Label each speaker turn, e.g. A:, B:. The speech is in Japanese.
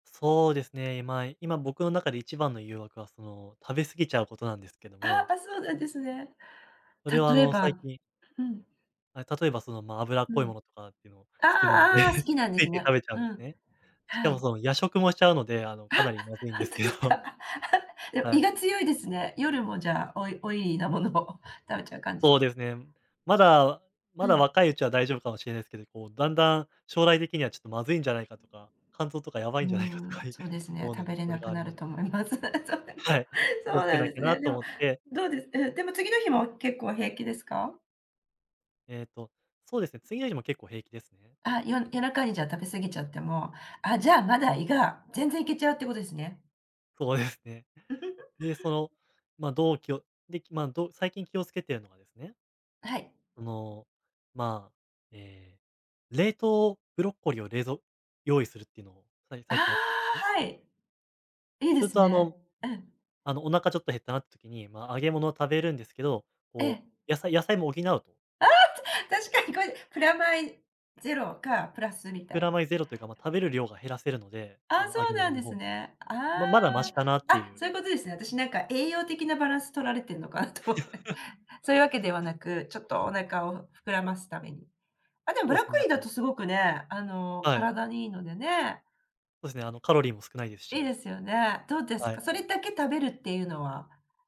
A: そうですね。まあ、今僕の中で一番の誘惑はその、食べ過ぎちゃうことなんですけど
B: あ、
A: も。
B: ぱそうなんですね。
A: それはあ
B: 例え
A: の最
B: ば
A: 近
B: うん。
A: あ、例えばそのま、脂っ
B: う
A: こい
B: ん。
A: ものとかっていうの、好きなので、
B: あ、あ、好き なんで
A: つ
B: す
A: い、て、
B: ね。
A: 食べちゃう
B: う
A: んです
B: ん。
A: ね。しか
B: は
A: も
B: い。
A: その夜食もしちゃうので、あ
B: あ、
A: の、かなり まずいん
B: ほ
A: で
B: ん
A: す
B: と
A: け
B: で
A: ど。
B: す か。で、
A: は
B: 胃
A: い。
B: が強いですね。夜もじゃあオイオイリーなものを食べちゃう感じ？
A: そうですね。まだ、
B: う
A: まだ
B: ん。
A: 若いうちは大丈夫かもしれないですけど、こう、だんだん、将来的にはちょっとまずいんじゃないかとか、肝臓とかや
B: う
A: ばい
B: ー
A: んじゃないかとか、
B: ん、そうですね。
A: 思うの
B: 食べ
A: で、
B: れ
A: そ
B: な
A: れが
B: く
A: あれ
B: な
A: な
B: る
A: ん
B: と思います。そうなんだ、
A: はい。気
B: そ
A: を
B: う
A: つけ
B: なん
A: な
B: で
A: き
B: す
A: ゃな
B: ね。で
A: と
B: も、
A: 思って
B: どうです、え、でも次の日も結構平気ですか？
A: えっとそうですね、次の日も結構平気ですね。
B: あ、よ夜中にじゃあ食べ過ぎちゃっても、あ、じゃあまだ胃が全然いけちゃうってことですね。
A: そうですね。でそ のま、同期を、できま、どう、最近気をつけてるのはですね
B: あ、はい。
A: その、まあ、え、冷凍ブロッコリーを冷蔵用意するっていうのを、さい
B: あ、
A: 最近やってね。
B: はい。いいで
A: それ
B: す
A: とあ
B: ね。
A: の、
B: うん。
A: あのお腹ちょっと減ったなっ時に、まあ揚げ物を食べるんですけど、
B: え
A: こ
B: え。
A: う野菜野菜も補うと
B: あ！確かにこれ、プラマイゼロかプラスみた
A: プ
B: い。
A: ラマイゼロというか、ま、食べる量が減らせるので、
B: あ、
A: あの
B: そ
A: 揚
B: う
A: げ
B: な
A: 物
B: んで
A: の方
B: す
A: の。
B: ね。あ
A: ま、まだマシ
B: あ。
A: かなって
B: あ、
A: いう。
B: そういうことですね。私なんか栄養的なバランス取られてんのかなと思って。そういうわけではなく、ちょっとお腹を膨らますために。あ、でも、ブ
A: そう
B: ラ
A: で
B: ッコ
A: すね、
B: リ
A: あ
B: ーだと
A: と
B: すごくね、あの、
A: はい。
B: 体にいいのでね。
A: そうですね、あのカロリーも少ないです
B: いいで
A: し。
B: すよね。どうです
A: はい。
B: か、それだけ食べるっていうのは